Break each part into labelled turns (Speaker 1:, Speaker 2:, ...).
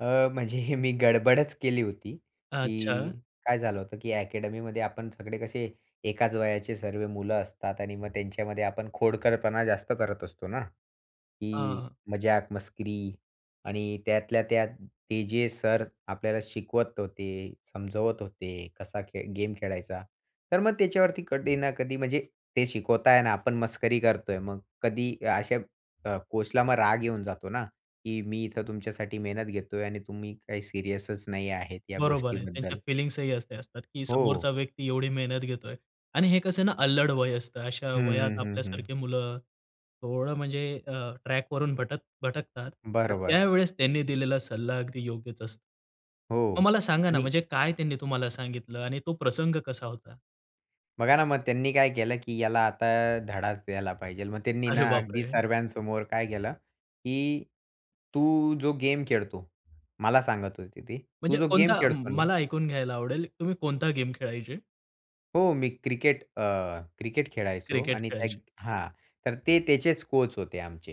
Speaker 1: अ, म्हणजे हे मी गडबडच केली होती,
Speaker 2: अच्छा.
Speaker 1: की काय झालं होतं, की अकॅडमीमध्ये आपण सगळे कसे एकाच वयाचे सर्व मुलं असतात आणि मग त्यांच्यामध्ये आपण खोडकरपणा जास्त करत असतो ना,
Speaker 2: अ,
Speaker 1: की
Speaker 2: हं.
Speaker 1: मजाक-मस्करी. आणि त्यातल्या त्यात ते जे सर आपल्याला शिकवत होते, समजवत होते, कसा खे गेम खेळायचा. तर मग त्याच्यावरती कधी ना कधी, म्हणजे ते शिकवत आहे ना, आपण मस्करी करतोय. मग कधी या अशा ब अ, कोचला राग येऊन जातो ना, की मी इथे तुमच्यासाठी मेहनत घेतोय आणि तुम्ही काही सीरियसच नाही आहेत, या
Speaker 2: बरोबर आहे. त्यांच्या
Speaker 1: गोष्टीबद्दल.
Speaker 2: फिलिंग्सही असे असतात, की
Speaker 1: हो.
Speaker 2: समोरचा व्यक्ती एवढी मेहनत घेतोय आणि हे कसं ना अल्लड वय असतं, अशा
Speaker 1: हं,
Speaker 2: वयात
Speaker 1: हं, हं, हं.
Speaker 2: आपल्यासारखी मुलं, थोडं म्हणजे अ, ट्रॅक वरून भटक भटकतात. त
Speaker 1: बरोबर.
Speaker 2: त्यावेळेस त्यांनी दिलेला सल्ला अगदी योग्यच असतो. मग
Speaker 1: हो.
Speaker 2: मला सांगा ना,
Speaker 1: आणि
Speaker 2: म्हणजे काय त्यांनी तुम्हाला सांगितलं आणि तो प्रसंग कसा होता?
Speaker 1: बघा ना, मग त्यांनी काय केलं, की याला आता धडाच द्यायला पाहिजेल, मग त्यांनी
Speaker 2: अरे
Speaker 1: ना अगदी
Speaker 2: बापरे!
Speaker 1: सर्वांसमोर काय केलं, की "तू जो गेम खेळतो" मला सांगत होते ते, "तू
Speaker 2: म्हणजे
Speaker 1: जो गेम
Speaker 2: कोणता?
Speaker 1: खेळतो ना"
Speaker 2: मला ऐकून घ्यायला आवडेल तुम्ही कोणता गेम खेळायचे?
Speaker 1: हो. मी क्रिकेट अ, क्रिकेट खेळायचो
Speaker 2: क्रिकेट
Speaker 1: आणि त्याग
Speaker 2: खेळायचे.
Speaker 1: हां. तर ते त्याचेच कोच होते आमचे,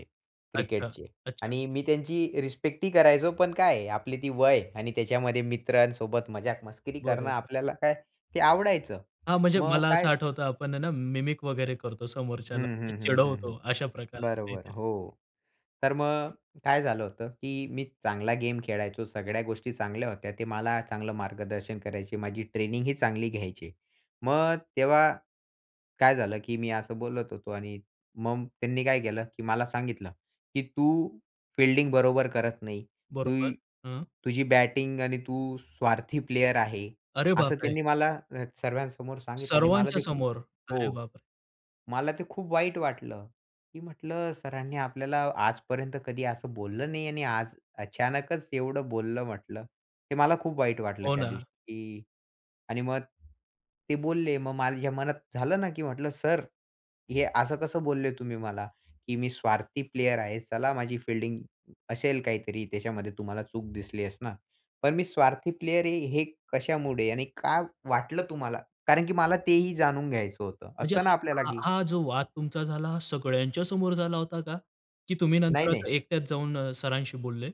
Speaker 2: अच्छा,
Speaker 1: क्रिकेटचे.
Speaker 2: अच्छा.
Speaker 1: आणि मी त्यांची रिस्पेक्टही करायचो. पण काय आपली ती वय आणि त्याच्यामध्ये मित्रांसोबत मजाक-मस्करी करणं
Speaker 2: बरोबर.
Speaker 1: आपल्याला काय ते आवडायचं.
Speaker 2: हां, म्हणजे
Speaker 1: मग
Speaker 2: मला असं
Speaker 1: काय
Speaker 2: आठवतं, आपण आहे ना मिमिक वगैरे करतो समोरच्याला
Speaker 1: हं,
Speaker 2: म्हणजे
Speaker 1: हं, हं, हं, हं.
Speaker 2: चिडवतो, अशा प्रकार
Speaker 1: बरोबर,
Speaker 2: काहीतरी.
Speaker 1: हो. तर मग, काय झालं होतं, की मी चांगला गेम खेळायचो, सगळ्या गोष्टी चांगल्या होत्या, ते मला चांगलं मार्गदर्शन करायचे, माझी ट्रेनिंगही चांगली घ्यायचे. मग तेव्हा काय झालं, की मी असं बोलत होतो आणि मग त्यांनी काय केलं, की मला सांगितलं, की "तू फील्डिंग बरोबर करत नाही, तू
Speaker 2: बरोबर. हं.
Speaker 1: तुझी बॅटिंग आणि तू स्वार्थी प्लेयर आहे"
Speaker 2: अरे
Speaker 1: असं
Speaker 2: बापरे!
Speaker 1: त्यांनी मला सर्वांसमोर सांगितलं आणि मला
Speaker 2: सर्वांच्या
Speaker 1: ते खूप
Speaker 2: समोर. अरे
Speaker 1: हो.
Speaker 2: बापरे!
Speaker 1: मला ते खूप वाईट वाटलं. मी म्हंटलं सरांनी आपल्याला आजपर्यंत कधी असं बोललं नाही आणि आज अचानकच एवढं बोललं म्हंटलं, हे मला खूप वाईट वाटलं
Speaker 2: हो
Speaker 1: त्या दिवशी.
Speaker 2: ना.
Speaker 1: की आणि मग, ते बोलले मग माझ्या मनात झालं ना, की म्हंटलं सर हे असं कसं बोलले तुम्ही मला, की मी स्वार्थी प्लेयर आहे. चला माझी फील्डिंग असेल काहीतरी त्याच्यामध्ये तुम्हाला चूक दिसली असणार. पण मी स्वार्थी प्लेयर आहे हे कशामुळे आणि का वाटलं तुम्हाला? कारण की मला तेही जाणून घ्यायचं होतं.
Speaker 2: म्हणजे
Speaker 1: असतं ना आपल्याला
Speaker 2: हा
Speaker 1: की
Speaker 2: हा, जो वाद तुमचा झाला हा सगळ्यांच्या समोर झाला होता का? की तुम्ही नंतर
Speaker 1: नाही,
Speaker 2: असं
Speaker 1: नाही.
Speaker 2: एकट्याच जाऊन सरांशी बोलले?